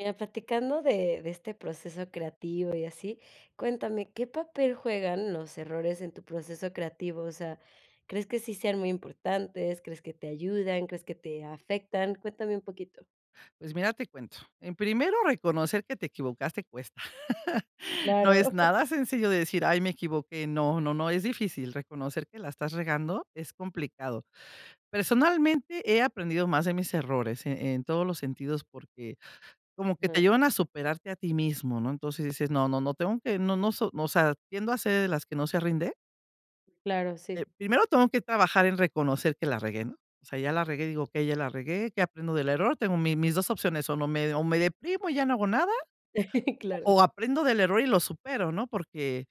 Mira platicando de de este proceso creativo y así, cuéntame, ¿qué papel juegan los errores en tu proceso creativo? O sea, ¿crees que sí sean muy importantes?, ¿crees que te ayudan?, ¿crees que te afectan? Cuéntame un poquito. Pues mira, te cuento. En primero reconocer que te equivocaste cuesta, no Claro. es nada sencillo de decir: "Ay me equivoqué". No no no es difícil reconocer que la estás regando, es complicado. Personalmente, he aprendido más de mis errores en en todos los sentidos, porque como que te Mm. llevan a superarte a ti mismo, ¿no?, entonces, dices: "No no no tengo que no no no so", o sea, tiendo a ser de las que no se rinde. Claro, Eh, sí. primero tengo que trabajar en reconocer que la regué, ¿no? O sea, ya la regué, digo: "Okey, ya la regué", ¿qué aprendo del error?, tengo mi mis 2 opciones, o no me o me deprimo y ya no hago nada, o Claro. o aprendo del error y lo supero, ¿no?, porque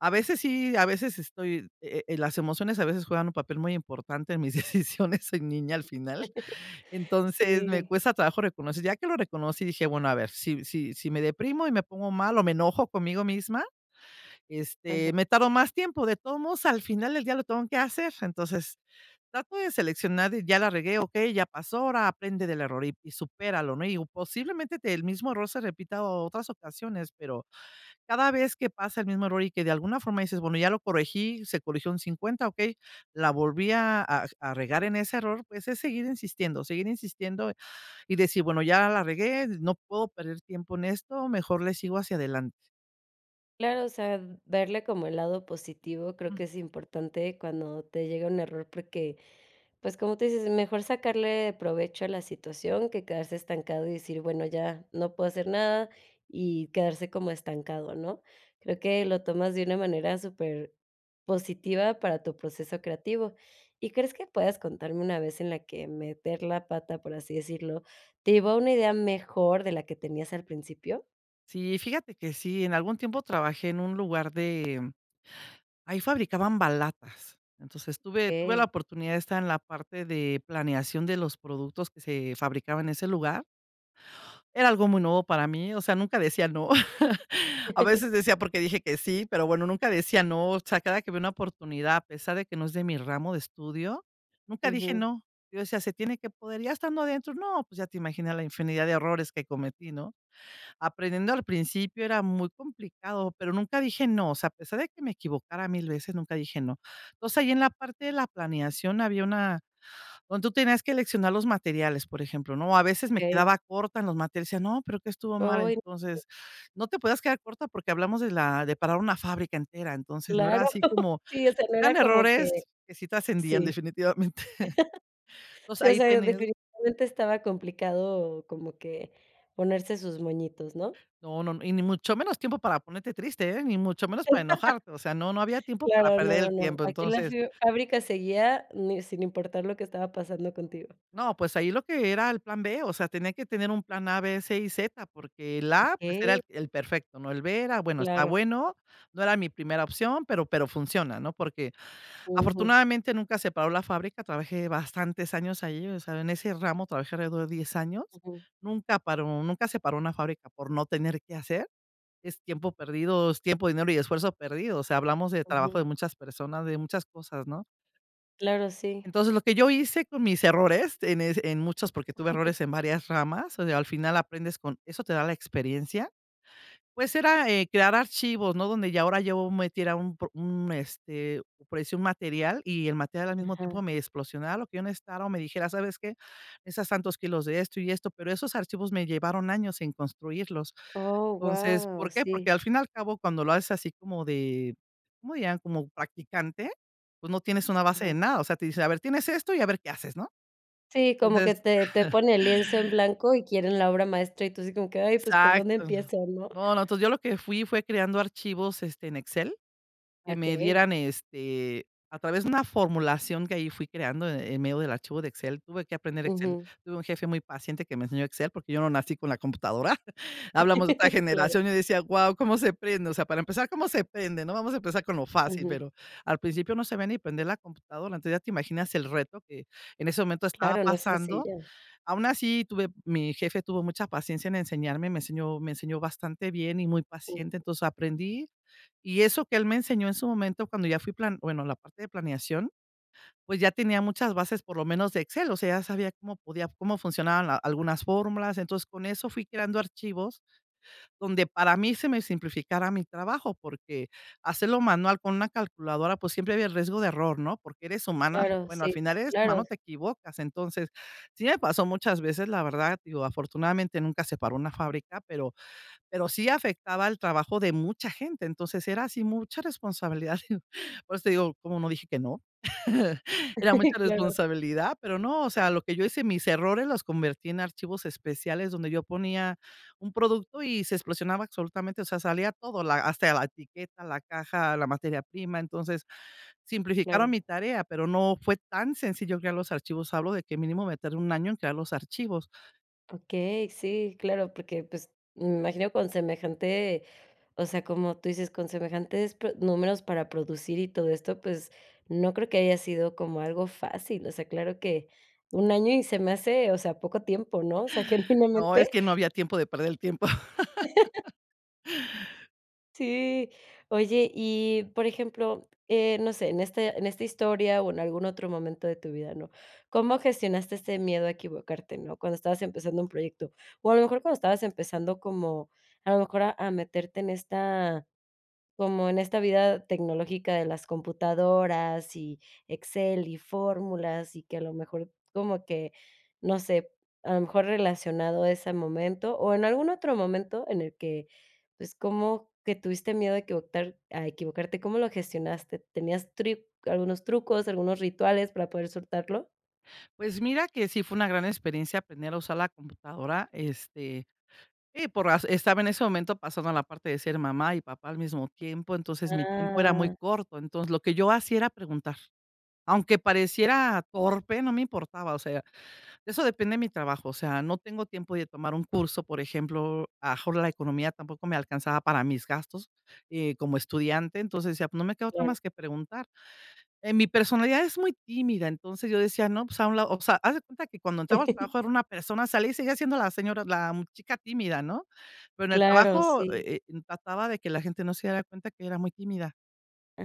a veces sí, a veces estoy, eh eh, las emociones a veces juegan un papel muy importante en mis decisiones, soy niña al final. Entonces, me Sí. cuesta trabajo reconocer. Ya que lo reconocí y dije: "Bueno, a ver, si si si me deprimo y me pongo mal, o me enojo conmigo misma, este, Ajá. me tardo más tiempo, de todos modos, al final del día lo tengo que hacer". Entonces, trato de seleccionar, ya la regué, ¿okey?, ya pasó, ahora aprende del error y supéralo, ¿no?, y posiblemente, el mismo error se repita otras ocasiones, pero, cada vez que pasa el mismo error y que de alguna forma dices: "Bueno, ya lo corregí, se corrigió un 50", okey, la volví a a a regar en ese error, pues es seguir insistiendo, seguir insistiendo y decir: "Bueno, ya la regué, no puedo perder tiempo en esto, mejor le sigo hacia adelante". Claro, o sea, verle como el lado positivo, creo que Mm. es importante cuando te llega un error, porque, pues, como tú dices, es mejor sacarle provecho a la situación que quedarse estancado, y decir: "Bueno, ya, no puedo hacer nada", y quedarse como estancado, ¿no? Creo que lo tomas de una manera superpositiva para tu proceso creativo. Y, ¿crees que puedas contarme una vez en la que meter la pata, por así decirlo, te llevó a una idea mejor de la que tenías al principio? Sí, fíjate que sí, en algún tiempo trabajé en un lugar de ahí fabricaban balatas. Entonces, tuve tuve la Okey. oportunidad de estar en la parte de planeación de los productos que se fabricaba en ese lugar. Era algo muy nuevo para mí, o sea, nunca decía no. A veces decía: "¿Por qué dije que sí?". Pero bueno, nunca decía no, o sea, cada que había una oportunidad, a pesar de que no es de mi ramo de estudio, nunca dije Ujú. no. Yo decía: "Se tiene que poder". Ya estando adentro, no, pues, ya te imaginas la infinidad de errores que cometí, ¿no? Aprendiendo, al principio era muy complicado, pero nunca dije no, o sea, a pesar de que me equivocara 1000 veces, nunca dije no. Entonces, ahí en la parte de la planeación había una donde tú tenías que seleccionar los materiales, por ejemplo, ¿no? O, a veces me Okey. quedaba corta en los materiales, yo decía: "No, pero, ¿qué estuvo mal?". Oy,. [unintelligible] Entonces, no te podías quedar corta porque hablamos de la de parar una fábrica entera. Entonces, no era Claro. así como Sí, o sea, no eran era como que errores que sí trascendían, sí. definitivamente. Entonces, Sí, o ahí sea, tenía definitivamente, estaba complicado como que ponerse sus moñitos, ¿no? No, no, no. Y, ni mucho menos tiempo para ponerte triste, eh, ni mucho menos para enojarte. O sea, no no había tiempo para Claro, no, perder no, el no. tiempo. Aquí la Entonces fi fábrica seguía ni sin importar lo que estaba pasando contigo. No, pues, ahí lo que era el plan B, o sea, tenía que tener un plan A, B, C y Z, porque el A, pues, era Okey. el el perfecto, ¿no?, el B, era, bueno, está Claro. bueno, no era mi primera opción, pero pero funciona, ¿no? Porque, Ujú. afortunadamente nunca se paró la fábrica, trabajé bastantes años ahí, o sea, en ese ramo, trabajé alrededor de 10 años. Ujú. Nunca paró, nunca se paró una fábrica por no tener qué hacer, es tiempo perdido, es tiempo, dinero y esfuerzo perdido, o sea, hablamos del trabajo de Ujú. muchas personas, de muchas cosas, ¿no? Claro, sí. Entonces, lo que yo hice con mis errores, en es en muchos, porque tuve errores en varias ramas, o sea, al final, aprendes con eso te da la experiencia. Pues, era, eh, crear archivos, ¿no?, donde ya ahora yo metiera un pro un, este, por decir, un material, y el material, al mismo tiempo, Ajá. me explosionara lo que yo necesitara o me dijera: "¿Sabes qué?, necesitas tantos kilos de esto y esto", pero esos archivos me llevaron años en construirlos. Oh, Entonces, guau, ¿por qué? sí. Porque, al fin y al cabo, cuando lo haces así como de como ya, como practicante, pues, no tienes una base de Ajá. nada, o sea, te dicen: "A ver, tienes esto y a ver qué haces", ¿no? Sí, como que Entonces te te pone el lienzo en blanco y quieren la obra maestra. Y tú así como que: "Ay, pues, ¿por dónde Exacto. empiezo?", ¿no? No, no. Entonces yo lo que fui fue creando archivos, este, en Excel, que me Okey. dieran, este, a través de una formulación que ahí fui creando, en medio del archivo de Excel tuve que aprender Excel, Ujú. tuve un jefe muy paciente que me enseñó Excel, porque yo no nací con la computadora. Hablamos de otra Claro. generación, yo decía: "Guau, ¿cómo se prende?, o sea, para empezar, ¿cómo se prende, no? Vamos a empezar con lo fácil", Ujú. pero al principio no sabía ni prender la computadora. Entonces, ya te imaginas el reto que, en ese momento, estaba Claro, no es pasando. sencilla. Aún así tuve mi jefe tuvo mucha paciencia en enseñarme, me enseñó me enseñó bastante bien y muy Ujú. paciente. Entonces, aprendí. Y eso que él me enseñó, en su momento, cuando ya fui plan bueno la parte de planeación, pues, ya tenía muchas bases por lo menos de Excel, o sea, ya sabía cómo podía, cómo funcionaban la algunas fórmulas. Entonces, con eso fui creando archivos donde, para mí, se me simplificará mi trabajo, porque hacerlo manual, con una calculadora, pues, siempre había el riesgo de error, ¿no? Porque eres humana, Claro, bueno, al sí, final, eres claro. humano, te equivocas. Entonces, sí me pasó muchas veces, la verdad, digo, afortunadamente nunca se paró una fábrica, pero pero sí afectaba al trabajo de mucha gente. Entonces, era así mucha responsabilidad y, por eso te digo, ¿cómo no dije que no? Era mucha Claro. responsabilidad, pero no, o sea, lo que yo hice, mis errores los convertí en archivos especiales donde yo ponía un producto y se explosionaba absolutamente, o sea, salía todo, la hasta la etiqueta, la caja, la materia prima. Entonces, simplificaron Claro. mi tarea, pero no fue tan sencillo crear los archivos, hablo de que, mínimo, me tardé 1 año en crear los archivos. Okey, sí, claro, porque, pues, me imagino con semejante, o sea, como tú dices, con semejantes, pues números para producir y todo esto, pues, no creo que haya sido como algo fácil, o sea, claro que, un año y se me hace, o sea, poco tiempo, ¿no?, o sea, No, es genuinamente. que no había tiempo de perder el tiempo. Sí, oye, y, por ejemplo, eh, no sé, en este en esta historia o en algún otro momento de tu vida, ¿no? ¿Cómo gestionaste ese miedo a equivocarte? ¿No? Cuando estabas empezando un proyecto, o a lo mejor cuando estabas empezando como a lo mejor a a meterte en esta, como en esta vida tecnológica de las computadoras y Excel y fórmulas, y que a lo mejor como que, no sé, a lo mejor relacionado a ese momento o en algún otro momento en el que, pues, como que tuviste miedo a equivocar a equivocarte, ¿cómo lo gestionaste? ¿Tenías tri algunos trucos, algunos rituales para poder soltarlo? Pues mira que sí fue una gran experiencia aprender a usar la computadora, este, sí, pero estaba en ese momento pasando la parte de ser mamá y papá al mismo tiempo, entonces mi tiempo era muy Ah. corto, entonces lo que yo hacía era preguntar, aunque pareciera torpe, no me importaba, o sea, de eso depende de mi trabajo, o sea, no tengo tiempo de tomar un curso, por ejemplo, a lo mejor la economía tampoco me alcanzaba para mis gastos, eh, como estudiante, entonces decía: "No me queda otra Claro. más que preguntar", eh, mi personalidad es muy tímida, entonces yo decía: "No, pues a un lado", o sea, haz de cuenta que cuando entraba al trabajo era una persona, salí y seguía siendo la señora, la chica tímida ¿no?, pero en el Claro, trabajo, sí. eh eh, trataba de que la gente no se diera cuenta que era muy tímida,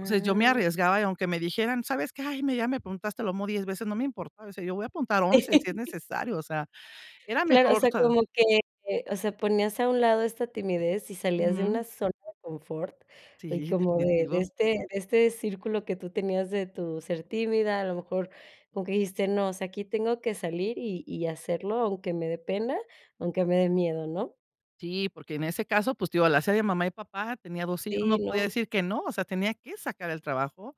entonces, yo me arriesgaba y aunque me dijeran: "¿Sabes qué? Ay, mira, ya me preguntaste lo mismo 10 veces", no me importaba, o sea, yo voy a preguntar 11, si es necesario, o sea, era Claro, o mejor, o sea, sea. como que, eh, o sea, ponías a un lado esta timidez y salías de una Ujú. zona de confort, y Sí, como de de definitivo. este de este círculo que tú tenías de tu ser tímida, a lo mejor como que dijiste: "No, o sea, aquí tengo que salir, y y hacerlo, aunque me dé pena, aunque me de miedo", ¿no? Sí, porque en ese caso, pues, te digo: "La hace de mamá y papá, tenía 2 hijos, no Sí, podía no. decir que no". O sea, tenía que sacar el trabajo,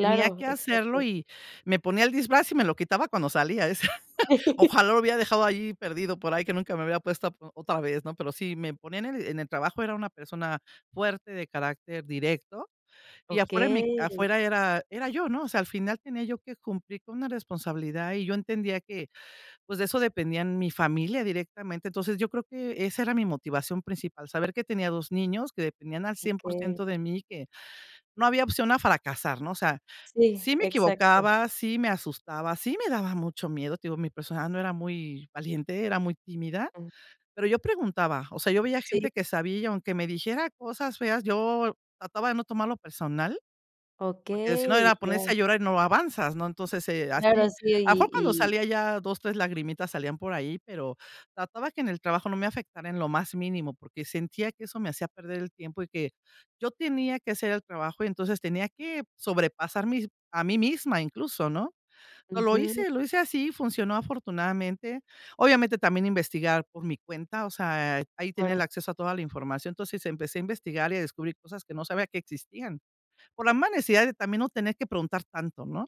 tenía que hacerlo, exacto. y me ponía el disfraz y me lo quitaba cuando salía. ¡Ojalá! lo hubiera dejado ahí perdido por ahí, que nunca me lo hubiera puesto a po otra vez, ¿no? Pero si me ponían en el en el trabajo, era una persona fuerte, de carácter directo, y afuera, en mi Okey. afuera, era era yo, ¿no? O sea, al final tenía yo que cumplir con una responsabilidad y yo entendía que, pues, de eso dependía mi familia directamente. Entonces, yo creo que esa era mi motivación principal, saber que tenía 2 niños que dependían al un cien Okey. porciento, de mí que, no había opción a fracasar, ¿no? O sea, Sí, sí me exacto. equivocaba, sí me asustaba, sí me daba mucho miedo. Te digo: "Mi personaje no era muy valiente, era muy tímida", Ujú. pero yo preguntaba, o sea, yo veía Sí. gente que sabía y, aunque me dijera cosas feas, yo trataba de no tomarlo personal, porque si no, Okey, era ya. ponerse a llorar y no avanzas, ¿no? Entonces, eh, Claro, así, sí, a y poco no, y salían ya 2, 3 lagrimitas, salían por ahí, pero trataba que en el trabajo no me afectara en lo más mínimo, porque sentía que eso me hacía perder el tiempo y que yo tenía que hacer el trabajo; y entonces, tenía que sobrepasar mis a mí misma incluso, ¿no? Pero lo Ujú. hice lo hice así, funcionó afortunadamente. Obviamente, también investigar por mi cuenta, o sea, ahí tenía el Bueno. acceso a toda la información, entonces empecé a investigar y a descubrir cosas que no sabía que existían, por la mala necesidad de también no tener que preguntar tanto, ¿no?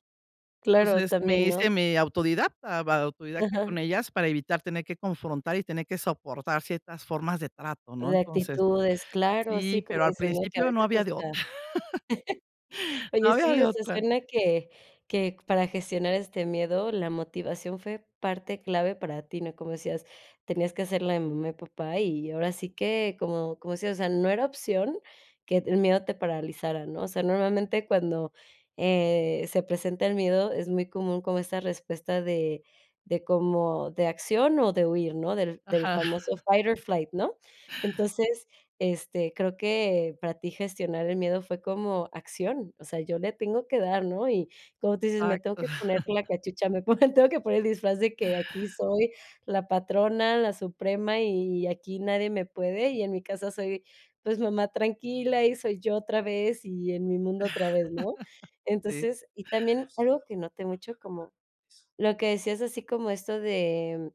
Claro, Entonces, también, me ¿no? hice medio autodidacta, va, autodidacta Ajá. con ellas, para evitar tener que confrontar y tener que soportar ciertas formas de trato, ¿no? De Entonces, actitudes, claro, sí, sí, como pero al dices, ¿no? Que a principio no veces había de está otra. No ¡Oye!, había sí, o de sea, otra. suena que que para gestionar este miedo, la motivación fue parte clave para ti, ¿no? Como decías: "Tenías que hacer la de mamá y papá"; y ahora sí que, como como decías, o sea, "No era opción que el miedo te paralizara", ¿no? O sea, normalmente cuando, eh, se presenta el miedo, es muy común como esa respuesta de de, como de acción o de huir, ¿no?, del del Ajá. famoso fight or flight, ¿no? Entonces, este, creo que para ti gestionar el miedo fue como acción, o sea, "Yo le tengo que dar", ¿no? Y como tú dices: "Me tengo Exacto. que poner la cachucha", me ponen, tengo que poner el disfraz de que: "Aquí soy la patrona, la suprema y aquí nadie me puede", y en mi casa soy, pues, mamá tranquila y soy yo otra vez, y en mi mundo otra vez, ¿no? Sí. Entonces, y también algo que noté mucho, como lo que decías así como esto de,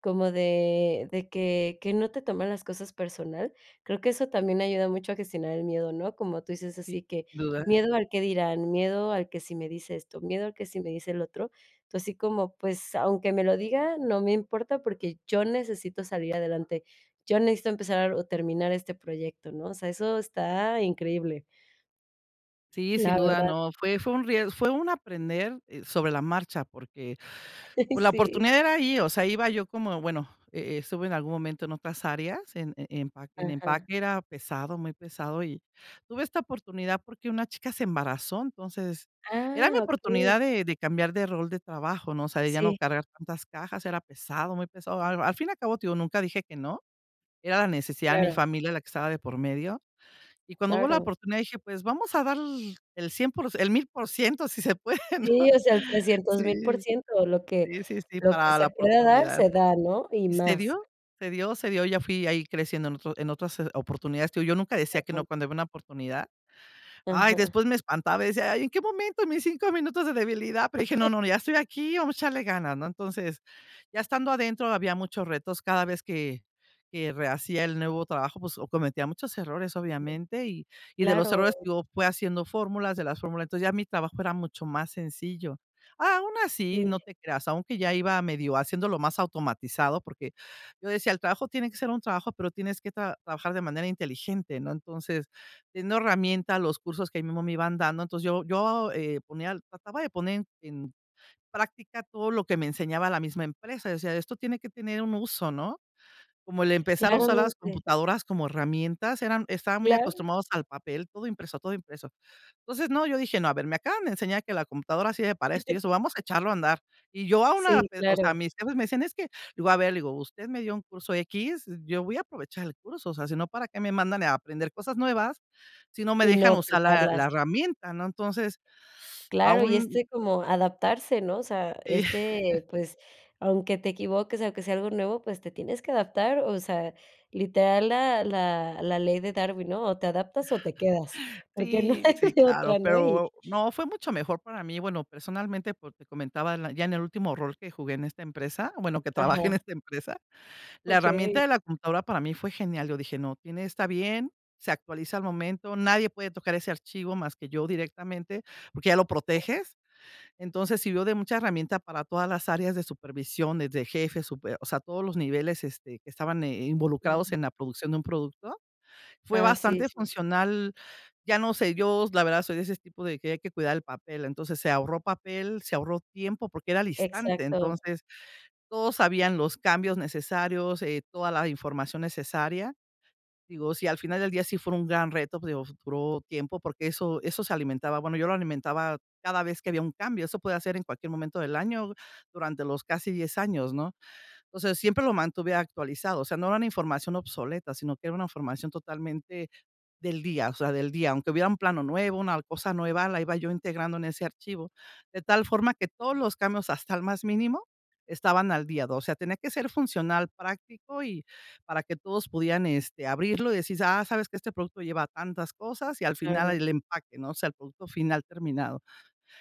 como de de que que no te toman las cosas personal, creo que eso también ayuda mucho a gestionar el miedo, ¿no? Como tú dices Sin así que: duda. "Miedo al qué dirán, miedo al que si me dice esto, miedo al que si me dice lo otro". Entonces, así como, pues, aunque me lo diga, no me importa porque, yo necesito salir adelante. Yo necesito empezar a terminar este proyecto, ¿no? O sea, eso está increíble. Sí, sin La duda verdad. no, fue fun ries fue un aprender sobre la marcha, porque por la Sí. oportunidad era ahí, o sea, iba yo como, bueno, e e estuve en algún momento en otras áreas, en en empa en Ajá. empaque era pesado, muy pesado y tuve esta oportunidad porque una chica se embarazó. Entonces, era mi Ah, okey. oportunidad de de cambiar de rol de trabajo, ¿no? O sea, de ya no Sí. cargar tantas cajas, era pesado, muy pesado. A al fin y al cabo, te digo, nunca dije que no. Era la necesidad de mi Claro. familia la que estaba de por medio. Y cuando hubo la Claro. oportunidad dije: "Pues, vamos a dar el 100 el 1000 si se puede ¿no? Sí, o sea, el trescientos mil Sí, porciento lo que sí, sí, lo que para la se pueda dar, oportunidad. se da, ¿no? Y Y se más. dio, se dio, se dio, ya fui ahí creciendo en otros, en otras s oportunidades que yo nunca decía que Ajá. no, cuando había una oportunidad. Ay, Ajá. después me espantaba y decía: "¿Y en qué momento? En mis 5 minutos de debilidad", pero dije: "No, no, ya estoy aquí, vamos a echarle ganas", ¿no? Entonces, ya estando adentro había muchos retos cada vez que que rehacía el nuevo trabajo, pues o cometía muchos errores, Ujú. obviamente, y y de los Claro. errores te digo fui haciendo fórmulas de las fórmulas, entonces ya mi trabajo era mucho más sencillo. A aún así, no Sí. te creas, aunque ya iba medio haciéndolo más automatizado porque yo decía: "El trabajo tiene que ser un trabajo, pero tienes que tra trabajar de manera inteligente". No, entonces, teniendo herramienta los cursos que ahí mísmo me iban dando. Entonces, yo yo, eh, ponía trataba de poner en práctica todo lo que me enseñaba la misma empresa yo decía: "Esto tiene que tener un uso, ¿no?" Como el empezar a usar las Claramente. computadoras como herramientas eran estaban muy Claro. acostumbrados al papel todo impreso, todo impreso entonces no yo dije: "No a ver me acaban de enseñar que la computadora sirve para esto y eso vamos a echarlo a andar". Y yo aún, ah, Sí, eh, o sea, claro. mis jefes me decían: "Es que" le voy a ver y le digo: "Usted me dio un curso x, eh, yo voy a aprovechar el curso, o sea, sino para qué me mandan, eh, a aprender cosas nuevas, si no me Y no dejan usar la la aplicarlas. herramienta", ¿no? Entonces, Claro, y aún este como adaptarse, ¿no? O sea, Sí. este, pues, aunque te equivoques, aunque sea algo nuevo, pues, te tienes que adaptar, o sea, literal la la la ley de Darwin, ¿no? O te adaptas o te quedas, porque no Sí, hay sí, de claro, otra, ¿no? Y pero no fue mucho mejor para mí, bueno personalmente, porque comentaban ya en el último rol que jugué en esta empresa, bueno, que trabaje en Ajá. esta empresa, la herramienta Okey. de la computadora para mí fue genial, yo dije: "No, tiene está bien, se actualiza al momento, nadie puede tocar ese archivo más que yo directamente", porque ya lo proteges. Entonces, sirvió de mucha herramienta para todas las áreas de supervisiones, de jefes, súper, o sea, todos los niveles este, que estaban eh, involucrados Claro. en la producción de un producto, fue Ah, sí bastante sí funcional, ya no sé, yo, la verdad soy de ese tipo de que hay que cuidar el papel. Entonces se ahorró papel, se ahorró tiempo porque era al instante. Exacto. Entonces, todos sabían los cambios necesarios, eh, toda la información necesaria. Digo, si al final del día sí fue un gran reto, pues, digo duró tiempo, porque eso eso se alimentaba. Bueno, yo lo alimentaba cada vez que había un cambio. Eso podía ser en cualquier momento del año durante los casi 10 años ¿no? O sea, siempre lo mantuve actualizado. O sea, no era una información obsoleta sino que era una información totalmente del día. O sea, del día. Aunque hubiera un plano nuevo, una cosa nueva, la iba yo integrando en ese archivo. De tal forma que todos los cambios hasta el más mínimo estaban al día, de o sea, tenía que ser funcional, práctico y, para que todos pudieran este, abrirlo y decir: "Ah, sabes que este producto lleva tantas cosas y al final Claro. el empaque", ¿no? O sea, el producto final terminado.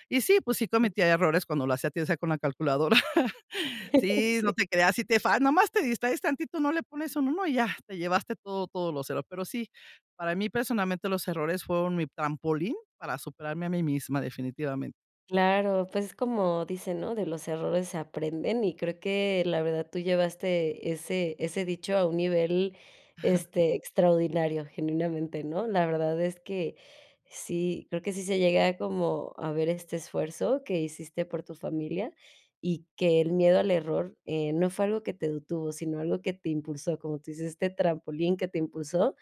Y sí, pues sí, cometía errores cuando lo hacía, te saco una calculadora. Sí, no Sí. te creas, si te fal nomás te distraes tantito, no le pones un 1 y ya, te llevaste todo todo los erro Pero sí, para mí personalmente los errores fueron mi trampolín para superarme a mí misma definitivamente. Claro, pues, es como dice: ¿no? "De los errores aprenden", y creo que la verdad tú llevaste ese ese dicho a un nivel, este, extraordinario, genuinamente, ¿no? La verdad es que sí, creo que sí se llega como a ver este esfuerzo que hiciste por tu familia, y que el miedo al error eh, no fue algo que te detuvo, sino algo que te impulsó, como tú dices: "Este trampolín" que te impulsó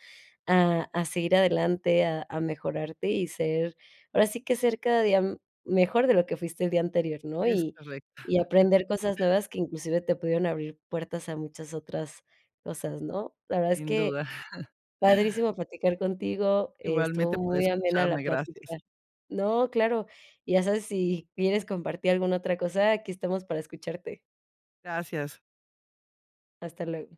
a a seguir adelante, a a mejorarte y ser ahora sí que ser cada día, mm, mejor de lo que fuiste el día anterior, ¿no? Es Y correcto. y aprender cosas nuevas que inclusive te pudieron abrir puertas a muchas otras cosas, ¿no? La verdad es Sin que duda. padrísimo platicar contigo, estuvo Igualmente por muy amena la escucharme, gracias. platica No, claro. Y ya sabes si quieres compartir alguna otra cosa, aquí estamos para escucharte. Gracias. Hasta luego.